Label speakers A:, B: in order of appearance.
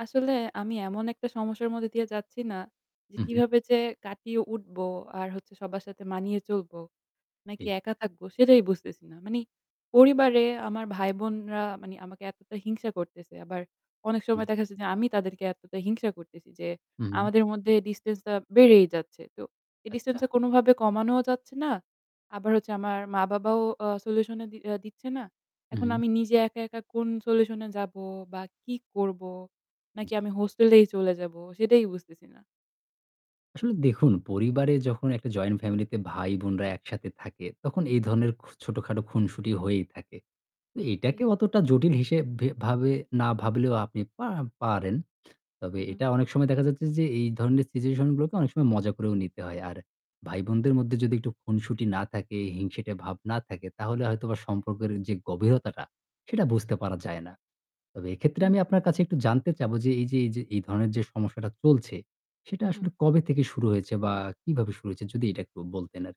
A: আসলে আমি এমন একটা সমস্যার মধ্যে দিয়ে যাচ্ছি না, যে
B: হু, হু।
A: কিভাবে যে কাটিয়ে উঠবো আর হচ্ছে সবার সাথে মানিয়ে চলবো, নাকি
B: হুম।
A: একা থাকবো সেটাই বুঝতেছি না। মানে পরিবারে আমার ভাই বোনরা মানে আমাকে এতটা হিংসা করতেছে। আবার অনেক
B: হু।
A: সময় দেখা যাচ্ছে যে আমি তাদেরকে এতটা হিংসা করতেছি। যে
B: হু, হুম।
A: আমাদের মধ্যে ডিসট্যান্সটা বেড়েই যাচ্ছে। তো এই
B: আচ্ছা।
A: ডিসট্যান্সটা কোনভাবে কমানোও যাচ্ছে না। আবার হচ্ছে আমার মা-বাবাও অ্যাঁ সলিউশন এ দি দিচ্ছে না।
B: হু,
A: এখন
B: হুম।
A: আমি নিজে একা, একা কোন সলিউশন এ যাব বা কি করব?
B: জি।
A: নাকি আমি হোস্টেলেই চলে যাবো, সেটাই বুঝতেছি না।
B: আসলে দেখুন পরিবারে যখন একটা জয়েন্ট ফ্যামিলি তে ভাই বোনরা একসাথে থাকে তখন এই ধরনের খ ছোটখাটো খুনসুটি হয়েই থাকে। এ
A: ঠিক।
B: এইটাকে অতটা জটিল হিসেব ভে ভাবে না ভাবলেও আপনি পা পারেন। তবে
A: হু, হু।
B: এটা অনেক সময় দেখা যাচ্ছে যে এ এই ধরনের সিচুয়েশন গুলোকে অনেক সময় মজা করেও নিতে হয়। আর ভাইবোনদের মধ্যে যদি একটু খুনসুটি না থাকে, হিংসেটে ভাব না থাকে তাহলে হয়তো বা
A: জি।
B: সম্পর্কের যে গভীরতাটা, সেটা বুঝতে পারা যায় না। তবে এক্ষেত্রে
A: হুম,
B: আমি
A: হু।
B: আপনার কাছে একটু জানতে চাবো যে এই যে, এই যে এই ধরনের যে সমস্যাটা চলছে সেটা
A: হু,
B: আসলে
A: হুম।
B: কবে থেকে শুরু হয়েছে বা কিভাবে শুরু হয়েছে, যদি এটা একটু বলতেন আরকি?